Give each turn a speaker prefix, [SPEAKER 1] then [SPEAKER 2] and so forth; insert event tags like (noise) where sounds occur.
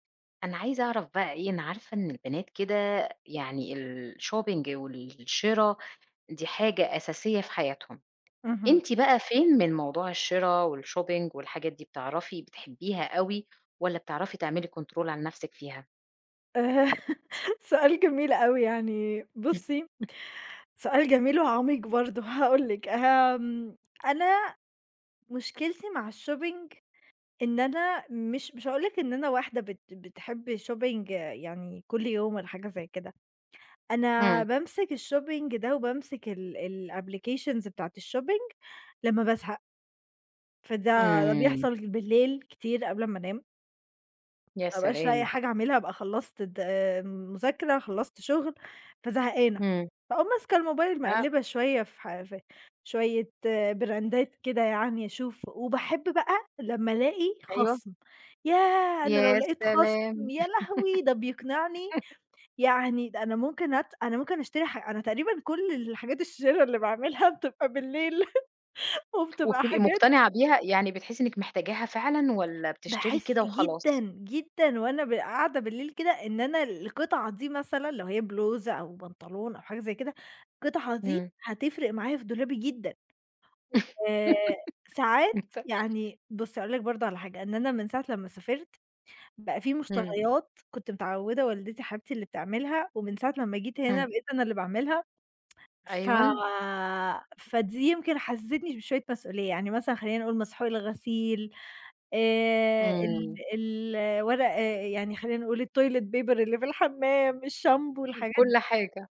[SPEAKER 1] أنا عايزة أعرف بقى إيه، أنا عارفة إن البنات كده يعني الshopping والشِرَا، دي حاجة أساسية في حياتهم.
[SPEAKER 2] اهم.
[SPEAKER 1] أنتِ بقى فين من موضوع الشِرَا، والshopping والحاجات دي، بتعرفي بتحبيها أوي، والّا بتعرفي تعملي كنترول على نَفسِك فيها؟
[SPEAKER 2] آآ سؤال جميل أوي يعني بُصّي،
[SPEAKER 1] (chuckles)
[SPEAKER 2] سؤال جميل وعميق برضه. هاقول لِك، آمم، أنا مُشكلتي مع الshopping إن أنا مش مش هاقول لِك إن أنا واحدة بت بتحب shopping يعني كل يوم والّا حاجة زي كده. أنا
[SPEAKER 1] إمم.
[SPEAKER 2] بامسك الshopping ده، وبامسك ال الapplications بتاعة الshopping لمّا بازهق. فده ده
[SPEAKER 1] إمم.
[SPEAKER 2] بيحصل بالليل كتير قبل امّا أنام.
[SPEAKER 1] يا
[SPEAKER 2] ما بابقاش لاقية
[SPEAKER 1] سلام.
[SPEAKER 2] حاجة أعملها، ابقى خلّصت الد المذاكرة، خلّصت شُغل، فزهقانة.
[SPEAKER 1] إمم.
[SPEAKER 2] فأقوم ماسكة الموبايل
[SPEAKER 1] آه.
[SPEAKER 2] مَقلّبة شوية في ح في شوية براندات كده يعني أشوف وباحب بقى لما ألاقي
[SPEAKER 1] أيوه.
[SPEAKER 2] خَصم. ياه أنا لو
[SPEAKER 1] يا
[SPEAKER 2] لاقيت خَصم
[SPEAKER 1] سلام!
[SPEAKER 2] يا لهوي، ده بيقنعني
[SPEAKER 1] (laughs)
[SPEAKER 2] يعني ده أنا ممكن أت أنا ممكن أشتري ح أنا تقريبًا كل الحاجات الشِرَا اللي باعملها بتبقى بالليل. (laughs) وبتبقى
[SPEAKER 1] وبتبقي
[SPEAKER 2] حاجات
[SPEAKER 1] مُقتنعة بيها؟ يعني بتحسّي إنِّك محتاجاها فعلًا، والّا بتشتري
[SPEAKER 2] باحس
[SPEAKER 1] كده
[SPEAKER 2] جدًا،
[SPEAKER 1] وخلاص؟
[SPEAKER 2] جدًا وأنا ب قاعدة بالليل كده، إن أنا القطعة دي مثلًا لو هي بلوزة، أو بنطلون، أو حاجة زي كده. القطعة دي
[SPEAKER 1] إمم.
[SPEAKER 2] هتفرق معايا في دولابي جدًا.
[SPEAKER 1] (laughs)
[SPEAKER 2] وساعات
[SPEAKER 1] (unintelligible)
[SPEAKER 2] يعني بُصّي هاقول برضه على حاجة، إن أنا من ساعة لمّا سافرت، بقى في
[SPEAKER 1] إمم.
[SPEAKER 2] مشتريات كنت متعوّدة والدتي حبيبتي اللي بتعملها، ومن ساعة لمّا جيت هنا،
[SPEAKER 1] إمم.
[SPEAKER 2] بقيت أنا اللي باعملها، ف
[SPEAKER 1] أيوًا.
[SPEAKER 2] فدي يمكن حسستني ب بشوية مسؤولية. يعني مثلًا خلّينا نقول مسحوق الغسيل آآ ال
[SPEAKER 1] إمم.
[SPEAKER 2] الورق يعني خلّينا نقول toilet paper اللي في الحمام، الشامبو،
[SPEAKER 1] إمم.
[SPEAKER 2] الحاجات
[SPEAKER 1] كل حاجة.